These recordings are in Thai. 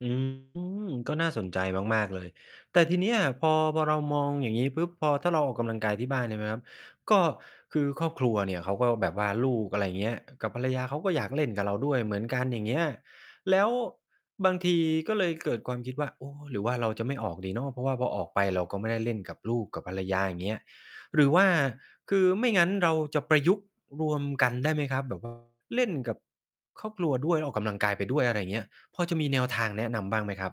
อืม ก็น่าสนใจมาก ๆ เลย แต่ทีเนี้ย พอ พอเรามองอย่างงี้ปุ๊บ พอ ถ้าเราออกกำลังกายที่บ้านเนี่ยนะครับ ก็คือครอบครัวเนี่ยเขาก็แบบว่าลูก อะไรเงี้ย กับภรรยา เขาก็อยากเล่นกับเราด้วยเหมือนกัน อย่างเงี้ย แล้วบางทีก็เลยเกิดความคิดว่า โอ้ หรือว่าเราจะไม่ออกดีเนาะ เพราะว่าพอออกไปเราก็ไม่ได้เล่นกับลูกกับภรรยา อย่างเงี้ย หรือว่า คือไม่งั้นเราจะประยุกต์รวมกันได้ไหมครับ? แบบ ว่า เล่นกับครอบครัวด้วย ออกกำลังกายไปด้วย อะไรเงี้ย พอจะมีแนวทางแนะนำบ้างไหมครับ?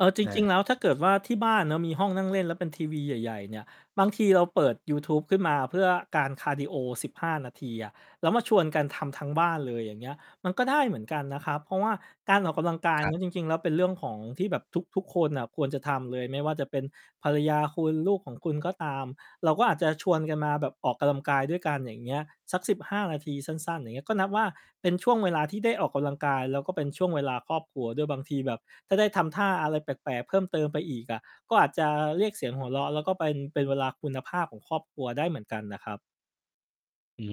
เออ จอริง า ๆ แล้วถ้าเกิดว่า ที่บ้านมีห้องนั่งเล่นแล้วเป็นทีวีใหญ่ ๆ เนี่ย บางทีเราเปิดยูทูบขึ้นมาเพื่อการคาร์ดีโอ 15 นาทีอะ แล้วมาชวนกันทำทั้งบ้านเลย อย่างเงี้ย มันก็ได้เหมือนกันนะครับ เพราะว่าการออกกำลังกายครเนี้ับ ย จริง ๆ แล้วเป็นเรื่องของ ที่แบบทุก ๆ คนน่ะควรจะทำเลย ไม่ว่าจะเป็นภรรยาคุณ ลูกของคุณก็ตาม เราก็อาจจะชวนกันมาแบบออกกำลังกาย ด้วยกัน อย่างเงี้ย สัก 15 นาที สั้น ๆ อย่างเงี้ย ก็นับว่า เป็นช่วงเวลาที่ได้ออกกำลังกายแล้วก็เป็นช่วงเวลาครอบครัวด้วย บางทีแบบถ้าได้ทำท่าอะไรแปลก ๆ เพิ่มเติมไปอีกอะ ก็อาจจะเรียกเสียงหัวเราะแล้วก็เป็น เป็นเวลาคุณภาพของครอบครัวได้เหมือนกันน่ะครับ อื้อ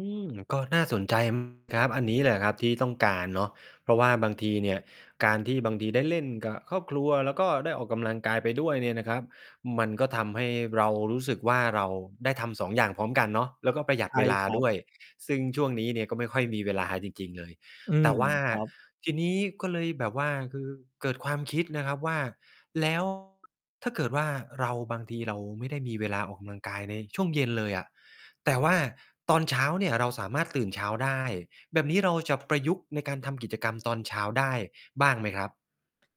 ฮือ ก็น่าสนใจ ม ครับ อันนี้แหละครับที่ต้องการเนาะ เพราะว่าบางทีเนี่ย การที่บางทีได้เล่นกับครอบครัวแล้วก็ได้ออกกำลังกายไปด้วยเนี่ยนะครับ มันก็ทำให้เรารู้สึกว่า เราได้ทำ 2 อย่างพร้อมกันเนาะ แล้วก็ประหยัใดช่เวลาครัดบ ้วย ซึ่งช่วงนี้เนี่ยก็ไม่ค่อยมีเวลาจริง ๆ เลย อืแตม ่ว่าครับ ทีนี้ ก็เลยแบบว่าคือเกิดความคิดนะครับว่า แล้ว ถ้าเกิดว่า เรา บางทีเราไม่ได้มีเวลาออกกำลังกายในช่วงเย็นเลยอะ แต่ว่าตอนเช้าเนี่ยเราสามารถตื่นเช้าได้ แบบนี้เราจะประยุกต์ในการทำกิจกรรมตอนเช้าได้บ้างไหมครับ?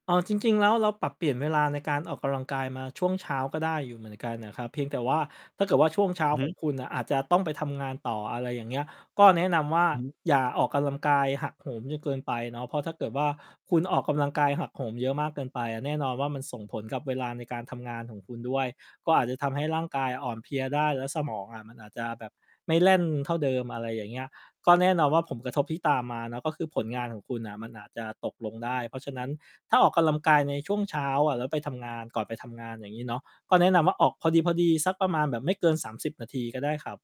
อ้อ จริง ๆ แล้วเราปรับเปลี่ยนเวลาในการออกกำลังกายมาช่วงเช้าก็ได้อยู่เหมือนกันน่ะครับ เพียงแต่ว่าถ้าเกิดว่า ช่วงเช้า อือฮของ ึ คุณอาจจะต้องไปทำงานต่อ อะไรอย่างเงี้ย ก็แนะนำว่า อือฮึ อย่าออกกำลังกาย หักโหม จนเกินไปเนาะ เพราะถ้าเกิดว่า คุณออกกำลังกายหักโหมเยอะมากเกินไปอะ แน่นอนว่า มันส่งผลกับเวลาในการทำงานของคุณด้วย ก็อาจจะทำให้ร่างกายอ่อนเพลียได้ แล้วสมองอะมันอาจจะแบบไม่แล่นเท่าเดิม อะไรอย่างเงี้ย ก็แน่นอนว่า ผล กระทบที่ตามมาเนาะก็คือผลงานของคุณน่ะมันอาจจะตกลงได้ เพราะฉะนั้น ถ้าออกกำลังกาย ในช่วงเช้าอะแล้ว ไปทำ งาน ก่อนไปทำงาน อย่างงี้เนาะ ก็แนะนำว่า ออกพอดี ๆ สักประมาณแบบไม่เกิน 30 นาทีก็ได้ครับ